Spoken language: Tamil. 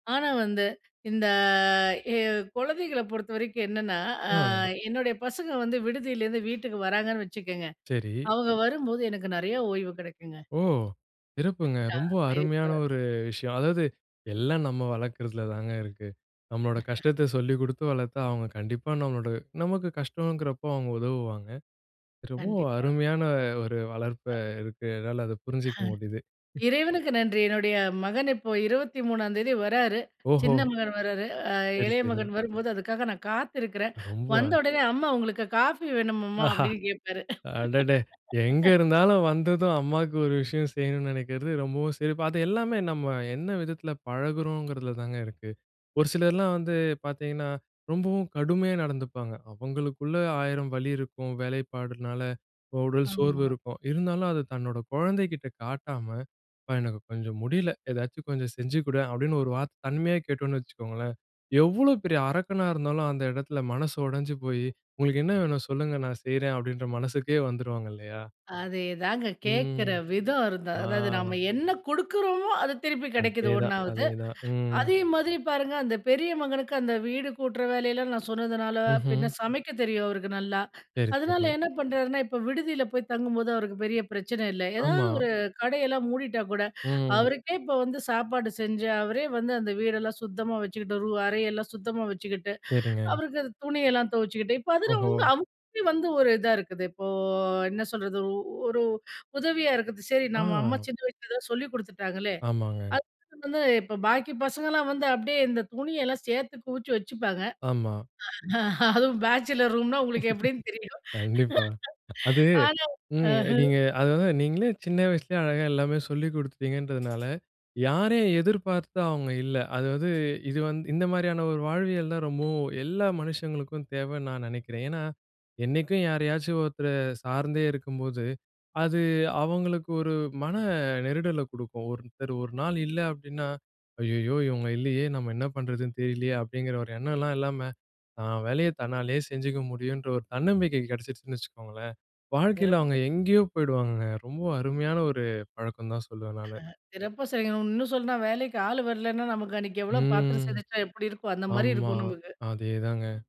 ஆனா வந்து இந்த எ குழந்தைகள பொறுத்தவரைக்கும் என்னன்னா, அ அ. என்னுடைய பசங்க வந்து விடுதியிலேருந்து வீட்டுக்கு வராங்கன்னு வச்சுக்கங்க. சரி. அவங்க வரும்போது எனக்கு நெறையா ஓய்வு கிடைக்குங்க. ஓ! சிறப்புங்க. ரொம்ப கரெக்ட்டா. அருமையான [unintelligible] ஒரு விஷயம். அதாவது எல்லாம் நம்ம வளர்க்குறதில தாங்க இருக்கு. நம்மோட கஷ்டத்த சொல்லி குடுத்து வளர்த்தா அவங்க கண்டிப்பா நம்மோட நமக்கு கஷ்டம்ங்குறப்போ அவங்க உதவுவாங்க. ரொம்பவும் கண்டிப்பா. அருமையான ஒரு வளர்ப்பு அ. இருக்குறதால அத புரிஞ்சுக்க முடிது. இறைவனுக்கு நன்றி! என்னுடைய மகன் இப்போ 23ஆம் தேதி வராரு. சின்ன ஓஹோ! மகன் வராரு அ சரி, இளைய மகன் சரி. வரும்போது அதுக்காக நான் காத்துருக்குறேன். ரொம்ப வந்த உடனே அம்மா உங்களுக்கு காஃபி வேணும்மா ஆஹா! அப்டின்னு கேட்பாரு. அடடே! எங்க இருந்தாலும் வந்ததும் அம்மாக்கு ஒரு விஷயம் செய்யணுனு நெனைக்கிறது ரொம்பவும் சிறப்பு. அது எல்லாமே நம்ம என்ன விதத்தில பழகுறோங்குறதில தாங்க இருக்கு. ஒரு சிலர்லாம் வந்து பார்த்தீங்கன்னா, ரொம்பவும் கடுமையா நடந்துப்பாங்க. அவங்களுக்குள்ள ஆயிரம் வலி இருக்கும் வேலைப்பாடுனால. உடல் சோர்வு ஆமா. இருக்கும் இருந்தாலும் அத தன்னோட குழந்தைகிட்ட காட்டாம "அப்பா, எனக்கு கொஞ்சம் முடில ஏதாவது கொஞ்சம் செஞ்சுக்குடேன்" அப்டின் ஒரு வார்த்த தன்மையா கேட்டோன்னு வச்சுக்கோங்களேன். எவ்வளோ பெரிய அரக்கனா இருந்தாலும் அந்த இடத்தில மனசு உடஞ்சு போய் "உங்களுக்கு என்ன வேணும்? சொல்லுங்க நான் செய்றேன்." அப்டின்ற மனசுக்கே வந்துருவாங்க இல்லையா? அதேதாங்க. கேட்கற ம், விதம் இருந்தது. ஆ. அதாவது நம்ம என்ன குடுக்குறோமோ அது திருப்பி கிடைக்குது அதேதான் ஒண்ணாவது. அதேதான். ம். அதே மாதிரி பாருங்க அந்த பெரிய மகனுக்கு அந்த வீடு கூட்டுற வேலையெல்லாம் நான் சொன்னதுனால பின்ன ம்ஹ்ம். சமைக்க தெரியும் அவருக்கு நல்லா. சரி, அதனால சரி. என்ன பண்றாருனா, இப்ப விடுதியில போய் தங்கும்போது அவருக்கு பெரிய பிரச்சனை இல்ல. ஏதாவது ஆமா. ஒரு கடையெல்லாம் மூடிட்டா கூட ம். அவருக்கே இப்ப வந்து சாப்பாடு செஞ்சு அவரே வந்து அந்த வீடெல்லாம் சுத்தமா வச்சுக்கிட்டு ரூ அறை எல்லாம் சுத்தமா வச்சுக்கிட்டு சரிங்க. அவருக்கு அது துணியெல்லாம் துவச்சுக்குட்டு இப்ப அதில ஓஹோ! அவங்க அவங்க வந்து ஒரு இதா இருக்குது. இப்போ என்ன சொல்றது, ஒ ஒரு உதவியா இருக்குது சரி நம்ம அம்மா ஆ! சின்ன வயசுல எதோ சொல்லிக் குடுத்துட்டாங்களே! ஆமாங்க. அது வந்து இப்ப பாக்கி பசங்கலாம் வந்து அப்டியே இந்த துணியெல்லாம் சேர்த்து குவிச்சி வச்சுப்பாங்க. ஆமா. அதுவும் பேச்சுலர் ரூம்னா உங்களுக்கு எப்டின்னு தெரியும். கண்டிப்பா. அது ஆனா, அ. ம். நீங்க அது வந்து நீங்களே சின்ன வயசுலேயே அழகா எல்லாமே சொல்லிக் குடுத்துட்டீங்கன்றதுனால யாரையும் எதிர்பார்த்து அவங்க இல்ல. அதாவது இது வந் இந்த மாரியான ஒரு வாழ்வியல் தான் ரொம்பவும் எல்லா மனுஷங்களுக்கும் தேவன்னு நான் நெனைக்கிறேன். ஏன்னா, என்னைக்கும் யாரையாச்சும் ஒருத்தர சார்ந்தே இருக்கும்போது, அது அவங்களுக்கு ஒரு மன நெருடல குடுக்கும். ஒருத்தர் ஒரு நாள் இல்ல அப்டின்னா, ஐய்யயோ! இவங்க இல்லையே நம்ம என்ன பண்றதுன்னு தெரியலையே! அப்டிங்கிற ஒரு எண்ணம்லாம் இல்லாம தான் வேலைய தன்னாலேயே செஞ்சுக்க முடியுன்ற ஒரு தன்னம்பிக்கை கிடைச்சுருச்சுன்னு வச்சுக்கோங்களேன், வாழ்க்கையில சிறப்பா அவங்க எங்கேயோ சொன்னீங்க. போயிடுவாங்கங்க. ரொம்ப அருமையான ஒரு பழக்கம் தான் சொல்லுவேன் நானு. சிறப்பா சொன்னீங்க. இன்னும் சொன்னா வேலைக்கு ஆள் வரலனா நமக்கு அன்னைக்கு எவ்வளோ பாத்திரம் ம். சேந்துச்சினா எப்டி இருக்கும்? அந்த மாரி ஆமா. இருக்கும் நமக்கு. அதேதாங்க.